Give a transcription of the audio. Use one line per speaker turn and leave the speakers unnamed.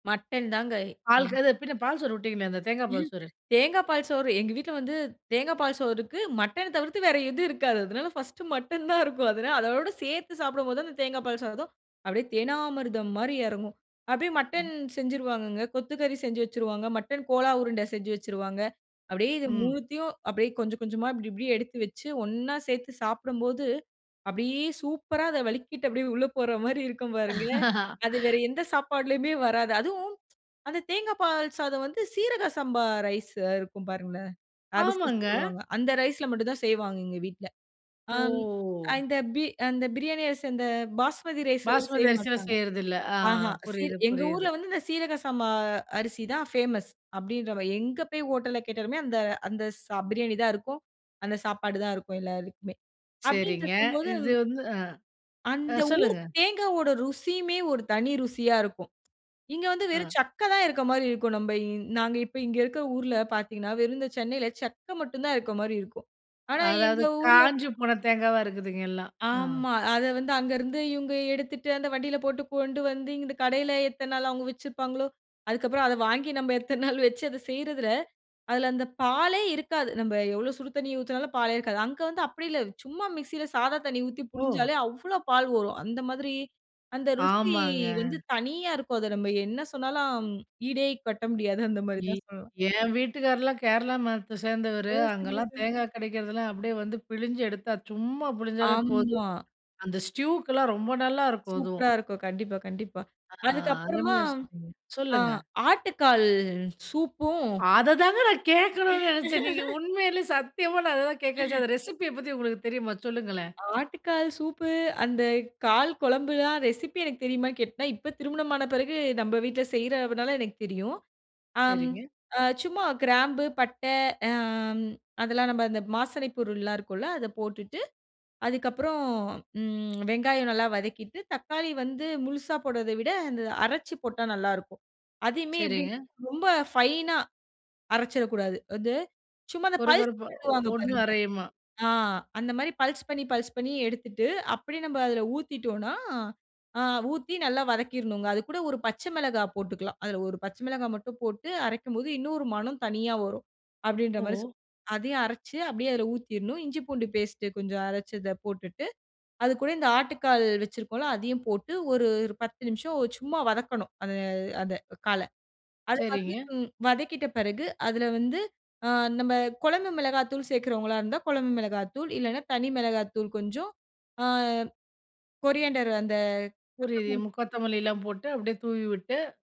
Mutton தாங்க
பால்
ம்.
அது பின்ன பால்சோறு விட்டிங்களே அந்த தேங்கா பால்
ம்.
சோறு.
தேங்கா பால் சோறு எங்க வீட்ல வந்து தேங்கா பால் சோறுக்கு. மட்டன் தவிர்த்து வேறு எதுவும் இருக்காது. அதனால பர்ஸ்ட்டு மட்டன் தான் இருக்கும். அதனால அதோட சேர்த்து சாப்டும்போது அந்த தேங்கா பால் சாதம், அப்டியே தேனாமிருதம் மாரி எறங்கும். அப்டியே
அ.
மட்டன் செஞ்சுருவாங்கங்க. கொத்துக்கறி செஞ்சு வச்சிருவாங்க, மட்டன் கோலா உருண்ட செஞ்சு வச்சிருவாங்க. அப்டியே இது
ம்.
3த்தயும் அப்டியே கொஞ்சம் கொஞ்சமா இப்டி இப்டி எடுத்து வச்சு ஒண்ணா சேர்த்து சாப்டும்போது, அப்டியே சூப்பரா அத வழிக்கிட்டு அப்டியே உள்ள போற மாரி இருக்கும் பாருங்க. அது வேற எந்த சாப்பாடுலயுமே வராது. அதுவும் அந்த தேங்கா பால் சாதம் வந்து சீரக சம்பா ரைஸ் இருக்கும் பாருங்களேன். அரிசி
ஆமாங்க.
சொல்லுவாங்க அந்த ரைஸ்ல் மட்டும் தான் செய்வாங்க எங்க வீட்ல. அம்.
ஓ!
அந்த பி அந்த பிரியாணி அரிசி அந்த பாஸ்மதி ரைஸ்லலாம் செய்ய
பாஸ்மதி அரிசல
மாட்டாங்க.
செய்றது இல்ல. ஆ
ஆஹ, சி
புரியுது
எங்க
புரியுது.
ஊர்ல வந்து இந்த சீரகம் சாமா அரிசி தான் ஃப்மஸ் அப்டின்ற மாரி எங்க போய் ஹோட்டல்ல கேட்டாலுமே அந்த அந்த ஸ பிரியாணி தான் இருக்கும். அந்த சாப்பாடு தான் இருக்கும் எல்லாருக்குமே.
சரிங்க.
அப்டின்ருக்கும் போது
இது வந்து அ, ஆ
அந்த ஊர்
சொல்லுங்க.
தேங்காவோட ருசியுமே ஒரு தனி ருசியா இருக்கும். இங்க வந்து
ஆ.
வெறும் சக்க தான் இருக்க மாரி இருக்கும். நம்ப இந் நாங்க இப்ப இங்க இருக்குற ஊர்ல பார்த்தீங்கனா, வெறும் இந்த சென்னைல சக்க மட்டும் தான் இருக்க மாரி இருக்கும். ஆனா எங்க
அதாவது,
ஊர்ல
காஞ்சி போன தேங்காவா இருக்குதுங்க எல்லாம். அ.
ஆமா. அத வந்து அங்கருந்து இவங்க எடுத்துட்டு அந்த வண்டில போட்டு கொண்டு வந்து, இந்த இந்த கடைல எத்தன நாளா அவங்க வச்சிருப்பாங்களோ? அதுக்கப்புறம் அத வாங்கி நம்ம எத்தன நாள் வச்சு அத செய்றதில, அதுல அந்த பாலே இருக்காது. நம்ப எவ்ளோ சுடு தண்ணி ஊத்தினாலும் பாலே இருக்காது. அங்க வந்து அப்டி இல்ல. சும்மா மிக்ஸில சாதா தண்ணி ஊத்தி
ஓ!
புழிஞ்சாலே அவ்ளோ பால் வரும். அந்த மாதிரி, அந்த ருசி
ஆமாங்க.
வந்து தனியா இருக்கும். அத நம்ம என்ன சொன்னாலும் ஈடே கட்ட முடியாது அந்த மாரி
இ
தான் சொல்லலாம்.
என் வீட்டுக்காரர்லாம் கேரளா மதத்த சேர்ந்தவரு.
ஓ! சரிங்க
அங்கலாம்
சரி.
தேங்கா கெடைக்றதெல்லாம் அப்டியே வந்து பிழிஞ்சி எடுத்தா, சும்மா புழிஞ்சாலே போதும்.
ஆம்மா.
அந்த ஸ்ட்யுக்கெலாம் ரொம்ப நல்லாருக்கும் அதுவும்.
சூப்பரா இருக்கும். கண்டிப்பா, கண்டிப்பா.
ஆ
அதுக்கப்புறமா
அருமையா சொன்னீங்க.
அ
சொல்லுங்க.
ஆட்டுக்கால் சூப்பும்,
அததாங்க நான் கேக்கணும்னு நெனச்சேன். நீங்க உண்மையிலேயே சத்தியமா நான் அததான் கேக்க நெனச்சேன் அந்த ரெசிபி பத்தி உங்களுக்கு தெரியுமா? சொல்லுங்களேன்.
ஆட்டுக்கால் சூப்பு அந்த கால் குழம்புலாம் ரெசிபி எனக்கு தெரியுமான்னு கேட்னா இப்போ திருமணம் ஆன பிறகு நம்ப வீட்ல செய்றனால எனக்கு தெரியும் அம்.
சரிங்க.
அ சும்மா கிராம்பு பட்ட அம், அதெல்லாம் நம்ப அந்த மாசனைப் பொருள்லாம் இருக்கும்ல, அத போட்டுட்டு, அதுக்கப்புறம் ம் வெங்காயம் நல்லா வதக்கிட்டு, தக்காளி வந்து முழுசா போடுறத விட அந்த அரச்சி போட்டா நல்லாயிருக்கும். அதையுமே எப்டி
சரிங்க.
ரொம்ப ஃபைனா அரச்சிரக்கூடாது. அது சும்மா அந்த பல்ஸ்
கொரகொரப்பா ஒ
விடுவாங்க
ஒண்ணும்
பாருங்க.
அரையுமா
ஆ அந்த மாரி பல்ஸ் பண்ணி பல்ஸ் பண்ணி எடுத்துட்டு அப்டியே நம்ப அதுல ஊத்திட்டோம்னா, அ ஊத்தி நல்லா வதக்கிர்ணுங்க அது கூட 1 பச்ச மெளகா போட்டுக்லாம். அதுல 1 பச்ச மிளகா மட்டும் போட்டு, அரைக்கும்போது இன்னும் ஒரு மனம் தனியா வரும். அப்டின்ற மாரி சொ.
ஓ!
அதையும் அரச்சு அப்டியே அதில ஊத்திர்ணும், இஞ்சி பூண்டு பேஸ்ட்டு கொஞ்சம் அரச்சு இத போட்டுட்டு, அது கூட இந்த ஆட்டுக்கால் வச்சிருக்கோம்ல அதையும் போட்டு, ஒரு 10 நிமிஷம் சும்மா வதக்கணும், அந்த அத கால. அது வந்து
சரிங்க.
ம் வதக்கிட்ட பெறகு அதுல வந்து, ஆ நம்ம கொழம்பு மெளகா தூள் சேர்க்றவங்களா இருந்தா, குழம்பு மெளகா தூள், இல்லனா தனி மெளகா தூள் கொஞ்சம், ஆ கொரியாண்டர் அந்த.
புரியுது.
கொத்தமல்லி.
மு கொத்தமல்லிலாம் போட்டு, அப்டியே தூவி விட்டு